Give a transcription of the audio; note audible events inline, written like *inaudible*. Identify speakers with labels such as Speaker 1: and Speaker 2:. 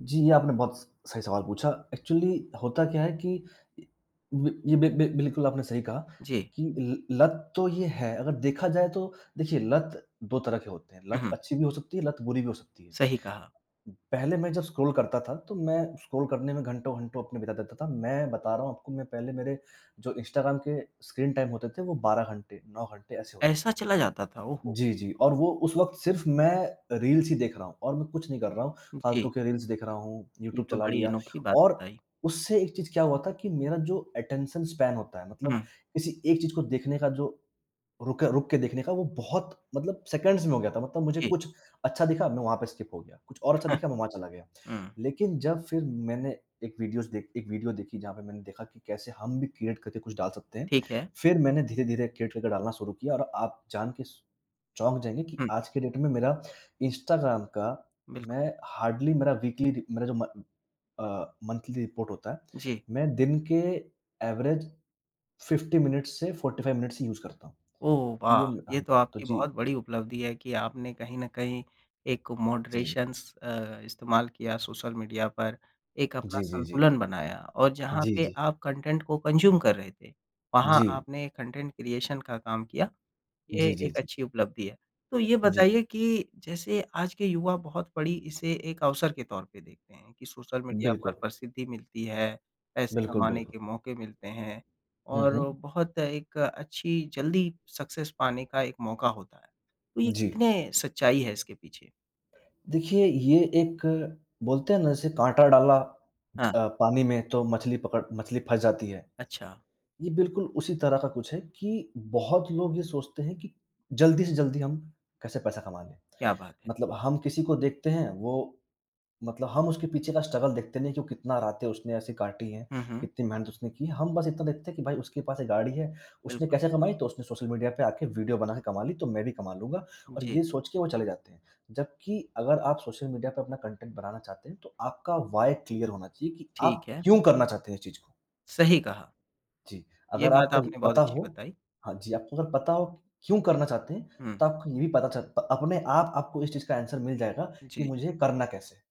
Speaker 1: जी, ये आपने बहुत स सही सवाल पूछा। एक्चुअली होता क्या है कि इ व ये बि बि बि बिल्कुल आपने सही कहा
Speaker 2: जी।
Speaker 1: कि ल लत तो यह है। अगर देखा जाए तो देखिए लत 2 तरह के होते हैं। लत अच्छी भी हो सकती है, लत बुरी भी हो सकती है।
Speaker 2: सही कहा।
Speaker 1: पहले मैं जब स्क्रॉल करता था, तो मैं स्क्रॉल करने में घंटों-घंटों अपने बिता देता था। मैं बता रहा हूँ आपको, मैं पहले मेरे जो इंस्टाग्राम के स्क्रीन टाइम होते थे वह 12 घंटे, 9 घंटे ऐसे होते थे।
Speaker 2: ऐसा चला जाता था, ओहो!
Speaker 1: जी, जी और वो उस वक़्त सिर्फ मैं रील्स ही देख रहा हूँ और मैं कुछ नहीं कर रहा हूँ। फालतू
Speaker 2: जी।
Speaker 1: के रील्स देख रहा हूँ,
Speaker 2: ये
Speaker 1: यूट्यूब
Speaker 2: तो
Speaker 1: चला
Speaker 2: बड़ी
Speaker 1: लिया
Speaker 2: अनोखी बात
Speaker 1: और
Speaker 2: बताई।
Speaker 1: उससे एक चीज़ क्या हुआ था कि मेरा जो अटेंशन स्पैन होता है मतलब
Speaker 2: हुँ।
Speaker 1: किसी एक चीज़ को देखने का जो रुके रुक के देखने का वह बहुत मतलब सेकंड्स में हो गया था। मतलब मुझे
Speaker 2: जी।
Speaker 1: कुछ अच्छा दिखा, मैं वहाँ पे स्किप हो गया कुछ और अच्छा
Speaker 2: *chuckles*
Speaker 1: दिखा, मैं वहाँ चला गया।
Speaker 2: हुँ।
Speaker 1: लेकिन जब फिर मैंने एक विदियोस देखी, एक वीडियो देखी जहाँ पर मैंने देखा कि कैसे हम भी क्रीऐट करके कुछ डाल सकते हैं।
Speaker 2: ठीक है।
Speaker 1: फिर मैंने धीरे-धीरे क्रीऐट करके डालना शुरू किया और आप जानके स चौंक जाएँगे कि
Speaker 2: हुँ।
Speaker 1: आज के डेट में मेरा इंस्टाग्राम का
Speaker 2: बिल्कु
Speaker 1: मैं हार्डली मेरा वीकली रि मेरा जो म अ, मंथली रिपोर्ट होता है,
Speaker 2: जी।
Speaker 1: मैं दिन के एवरेज 50 मिनट्स से 45 मिनट्स ही यूज़ करता हूँ।
Speaker 2: ओह
Speaker 1: तो
Speaker 2: वाह!
Speaker 1: यह,
Speaker 2: ये
Speaker 1: ह
Speaker 2: तो
Speaker 1: तो
Speaker 2: आपकी
Speaker 1: जी।
Speaker 2: बहुत बड़ी उपलब्धि है कि आपने कहीं न कहीं एक
Speaker 1: जी।
Speaker 2: मॉडरेशन्स अ, इस्तेमाल किया सोशल मीडिया पर। एक अपना
Speaker 1: जी, जी, जी।
Speaker 2: संतुलन बनाया और जहाँ
Speaker 1: जी,
Speaker 2: पे
Speaker 1: जी।
Speaker 2: आप कंटेंट को कंज़्यूम कर रहे थे, वहाँ
Speaker 1: जी।
Speaker 2: आपने कंटेंट क्रिएशन का काम किया, ये
Speaker 1: जी, जी,
Speaker 2: एक
Speaker 1: जी।
Speaker 2: अच्छी उपलब्धि है। तो ये
Speaker 1: जी।
Speaker 2: बताइए कि जैसे आज के युवा बहुत बड़ी इसे एक अवसर के तौर पे देखते हैं कि सोशल मीडिया पर
Speaker 1: बिल्कुल।
Speaker 2: प्रसिद्धि मिलती है, पैसे
Speaker 1: बिल्कुल,
Speaker 2: कमाने
Speaker 1: बिल्कुल।
Speaker 2: के मौके मिलते हैं
Speaker 1: हुँ,
Speaker 2: और
Speaker 1: हुँ।
Speaker 2: बहुत एक अच्छी जल्दी सक्सेस पाने का एक मौका होता है। तो ये
Speaker 1: जी।
Speaker 2: कितने सच्चाई है इसके पीछे?
Speaker 1: देखिए, ये एक बोलते हैं ना जैसे काँटा डाला ज
Speaker 2: हाँ।
Speaker 1: अ, पानी में तो मछली पकड़ मछली फँस जाती है।
Speaker 2: अच्छा।
Speaker 1: ये बिल्कुल उसी तरह का कुछ है कि बहुत लोग ये सोचते हैं कि जल्दी से जल्दी हम कैसे पैसा कमा लें।
Speaker 2: क्या बात है।
Speaker 1: मतलब हम किसी को देखते हैं, वो मतलब हम उसके पीछे का स्ट्रगल देखते नहीं कि वह कितना रातें उसने ऐसी काटी हैं,
Speaker 2: हुँ, हुँ।
Speaker 1: कितनी मेहनत उसने की है। हम बस इतना देखते हैं कि भाई उसके पास 1 गाड़ी है। उसने
Speaker 2: बिल्कुल।
Speaker 1: कैसे कमाई? तो उसने सोशल मीडिया पे आके वीडियो बनाके कमा ली, तो मैं भी कमा लूँगा और
Speaker 2: जी।
Speaker 1: ये सोचके वो चले जाते हैं। जबकि अगर आप सोशल मीडिया पर अपना कंटेंट बनाना चाहते हैं तो आपका व्हाय क्लियर होना चाहिए कि आप
Speaker 2: ठीक है।
Speaker 1: क्यों करना चाहते हैं इस चीज़ को?
Speaker 2: सही कहा।
Speaker 1: जी,
Speaker 2: ये
Speaker 1: अगर
Speaker 2: बात
Speaker 1: आपको ये
Speaker 2: आपने बहुत
Speaker 1: पता
Speaker 2: अच्छी
Speaker 1: हो
Speaker 2: बताई।
Speaker 1: हाँ जी, आपको अगर पता हो क्यों करना चाहते हैं?
Speaker 2: हुँ।
Speaker 1: तो आपको ये भी पता च अपने आप आपको इस चीज़ का आंसर मिल जाएगा कि
Speaker 2: जी।
Speaker 1: मुझे करना कैसे है।